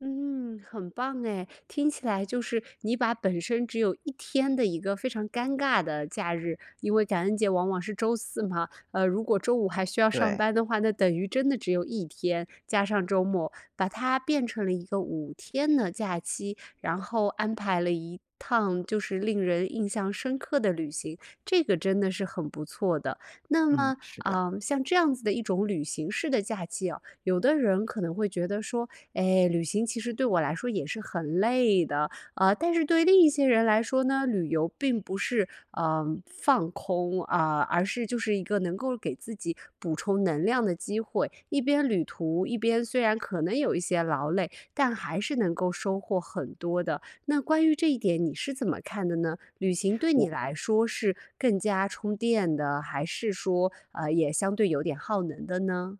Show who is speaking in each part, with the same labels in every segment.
Speaker 1: 嗯，很棒哎，听起来就是你把本身只有1天的一个非常尴尬的假日因为感恩节往往是周四嘛，呃，如果周五还需要上
Speaker 2: 对。
Speaker 1: 班的话，那等于真的只有1天，加上周末，把它变成了一个5天的假期，然后安排了一趟就是令人印象深刻的旅行，这个真的是很不错的。那
Speaker 2: 嗯，
Speaker 1: 么，
Speaker 2: 是的。
Speaker 1: 呃，像这样子的一种旅行式的假期啊，有的人可能会觉得说：“哎，旅行其实对我来说也是很累的。”呃，但是对另一些人来说呢，旅游并不是，呃，放空，啊，而是就是一个能够给自己补充能量的机会。一边旅途，一边虽然可能有一些劳累，但还是能够收获很多的。那关于这一点，你是怎么看的呢？旅行对你
Speaker 2: 我
Speaker 1: 来说是更加充电的，还是说，呃，也相对有点耗能的呢？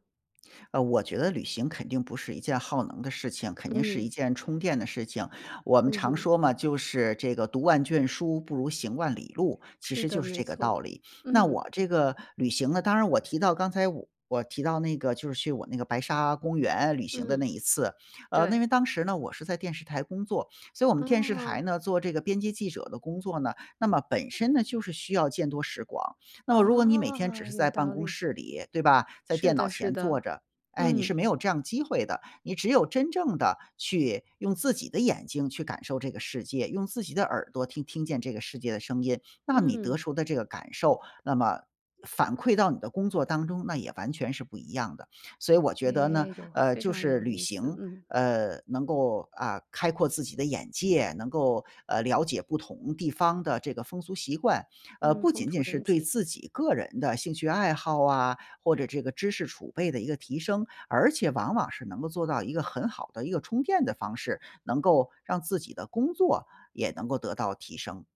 Speaker 2: 呃，我觉得旅行肯定不是一件耗能的事情，肯定是
Speaker 1: 嗯。
Speaker 2: 一件充电的事情，我们
Speaker 1: 嗯
Speaker 2: 常
Speaker 1: 哼。
Speaker 2: 说嘛，就是这个“读万卷书不如行万里路”，其
Speaker 1: 是
Speaker 2: 实就
Speaker 1: 的，
Speaker 2: 是
Speaker 1: 没
Speaker 2: 这个道
Speaker 1: 错，
Speaker 2: 理。那
Speaker 1: 嗯。
Speaker 2: 我这个旅行呢，当然我提到刚才我提到那个就是去我那个白沙公园旅行的那
Speaker 1: 嗯，
Speaker 2: 一次，呃，那因
Speaker 1: 对。
Speaker 2: 为当时呢，我是在电视台工作。所以我们电视台
Speaker 1: 哦。
Speaker 2: 呢，做这个编辑记者的工作呢，那么本身呢，就是需要见多识广。那么如果你每天只
Speaker 1: 哦，
Speaker 2: 是
Speaker 1: 有
Speaker 2: 在办
Speaker 1: 道
Speaker 2: 公
Speaker 1: 理。
Speaker 2: 室里，对吧，在
Speaker 1: 是
Speaker 2: 电脑
Speaker 1: 的是
Speaker 2: 前
Speaker 1: 的。
Speaker 2: 坐着，哎，你是
Speaker 1: 嗯。
Speaker 2: 没有这样机会的，你只有真正地去用自己的眼睛去感受这个世界，用自己的耳朵听听见这个世界的声音，那你得
Speaker 1: 嗯。
Speaker 2: 出的这个感受，那么反馈到你的工作当中，那也完全是不一样的。所以我觉得呢，
Speaker 1: 哎，有
Speaker 2: 呃，
Speaker 1: 非
Speaker 2: 就
Speaker 1: 常
Speaker 2: 是
Speaker 1: 有
Speaker 2: 旅
Speaker 1: 意思，
Speaker 2: 行，
Speaker 1: 嗯。
Speaker 2: 呃，能够，啊，开阔自己的眼界，能够，呃，了解不同地方的这个风俗习惯，呃，
Speaker 1: 嗯，
Speaker 2: 不
Speaker 1: 风
Speaker 2: 仅
Speaker 1: 土
Speaker 2: 仅是
Speaker 1: 人
Speaker 2: 对
Speaker 1: 情。
Speaker 2: 自己个人的兴趣爱好啊，或者这个知识储备的一个提升，而且往往是能够做到一个很好的一个充电的方式，能够，让自己的工作也能够得到提升。